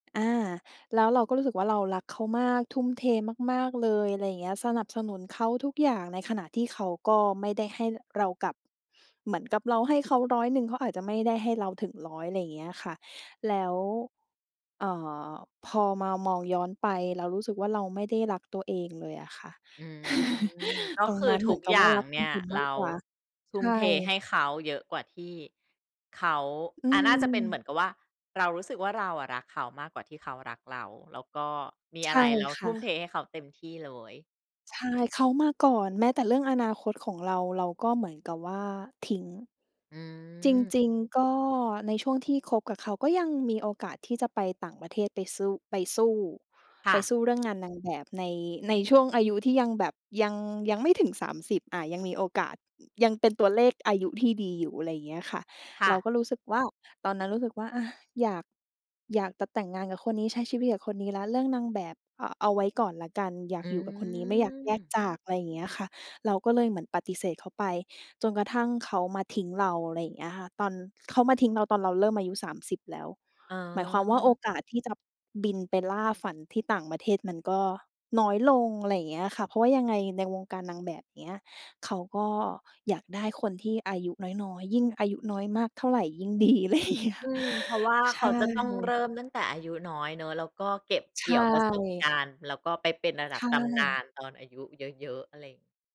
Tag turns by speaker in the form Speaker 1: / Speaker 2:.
Speaker 1: อา แล้วเราก็รู้สึกว่า เรารักเขามาก ทุ่มเทมาก ๆ เลย อะไรอย่างเงี้ย สนับสนุนเขาทุกอย่าง ในขณะที่เขาก็ไม่ได้ให้เรากลับ เหมือนกับเราให้เขาร้อยหนึ่ง เขาอาจจะไม่ได้ให้เราถึงร้อย อะไรอย่างเงี้ยค่ะ แล้ว อ่า พอมามองย้อนไปเรารู้สึกว่า เราไม่ได้รักตัวเองเลยอะค่ะ
Speaker 2: อืม ก็
Speaker 1: ตร
Speaker 2: ค
Speaker 1: ง
Speaker 2: ื
Speaker 1: น
Speaker 2: อ
Speaker 1: ั้นเ
Speaker 2: ท
Speaker 1: หมื
Speaker 2: ุ
Speaker 1: อ
Speaker 2: ก
Speaker 1: นกับ
Speaker 2: อย
Speaker 1: ว่
Speaker 2: ่
Speaker 1: า
Speaker 2: า
Speaker 1: ร
Speaker 2: ง
Speaker 1: ัก
Speaker 2: เ
Speaker 1: ค
Speaker 2: นี่
Speaker 1: น
Speaker 2: ย
Speaker 1: อื่น ม
Speaker 2: เร
Speaker 1: าก
Speaker 2: า
Speaker 1: กว่า
Speaker 2: ท
Speaker 1: ใ
Speaker 2: ุ่
Speaker 1: ช
Speaker 2: ม
Speaker 1: ่
Speaker 2: เทให้เขาเยอะกว่าที่ เขา
Speaker 1: อื
Speaker 2: อา น่าจะเป็นเ
Speaker 1: ม
Speaker 2: หมือนกับว่า เรารู้สึกว่า เราอะรักเขามากกว่าที่เขารักเรา แล้วก็มี
Speaker 1: ใช
Speaker 2: อะไร
Speaker 1: ่
Speaker 2: เรา
Speaker 1: ค
Speaker 2: ท
Speaker 1: ่
Speaker 2: ุ่ม
Speaker 1: ะ
Speaker 2: เทให้เขาเต็มที่เลย
Speaker 1: ใช่ เขามาก่อน แม้แต่เรื่องอนาคตของเรา เราก็เหมือนกับว่าทิ้ง
Speaker 2: อื
Speaker 1: จ
Speaker 2: ม
Speaker 1: ริง ๆ ก็ในช่วงที่คบกับเขา ก็ยังมีโอกาสที่จะไปต่างประเทศ ไปสู้ ไปสู้
Speaker 2: ค
Speaker 1: ไ
Speaker 2: ่
Speaker 1: ป
Speaker 2: ะ
Speaker 1: สู้ เรื่องงานนางแบบใน ในช่วงอายุที่ยังแบบ ยัง ยังไม่ถึง 30 อ่า ยังมีโอกาส ยังเป็นตัวเลขอายุที่ดีอยู่ อะไรอย่างเงี้ยค่ะ
Speaker 2: ค่
Speaker 1: เรา
Speaker 2: ะ
Speaker 1: ก็รู้สึกว่า ตอนนั้นรู้สึกว่า อ่า อยาก อยากจะแต่งงานกับคนนี้ ใช้ชีวิตกับคนนี้แล้ว เรื่องนางแบบ อา เอาไว้ก่อนแล้วกัน อยา
Speaker 2: อ
Speaker 1: ก
Speaker 2: ื
Speaker 1: อยู่กับคนนี้ ไม่อยากแยก
Speaker 2: ม
Speaker 1: จาก อะไรอย่างเงี้ยค่ะ เราก็เลยเหมือนปฏิเสธเขาไป จนกระทั่งเขามาทิ้งเรา อะไรอย่างเงี้ยค่ะ ตอน เขามาทิ้งเราตอนเราเริ่มอายุ 30 แล้ว
Speaker 2: อ๋อ
Speaker 1: หมายความว่า โอกาสที่จะบินไปล่าฝันที่ต่างประเทศมันก็น้อยลง อะไรอย่างเงี้ยค่ะ เพราะว่ายังไงในวงการนางแบบเงี้ย เขาก็อยากได้คนที่อายุน้อย ๆ ยิ่งอายุน้อยมากเท่าไรยิ่งดี อะไรอย่างเงี้ย
Speaker 2: อืม เพราะว่า
Speaker 1: ใ
Speaker 2: เ
Speaker 1: ช
Speaker 2: ขาจะต้องเริ
Speaker 1: ่
Speaker 2: ่มตั้งแต่อายุน้อยเนาะ แล้วก็เก็บ
Speaker 1: ใ
Speaker 2: เก
Speaker 1: ช
Speaker 2: ี่ยวประสบกา
Speaker 1: ่
Speaker 2: รณ์ แล้วก็ไปเป็นระ
Speaker 1: ใ
Speaker 2: ดั
Speaker 1: ช
Speaker 2: บ ตำนา
Speaker 1: ่
Speaker 2: นตอนอายุเยอะ ๆ อะไร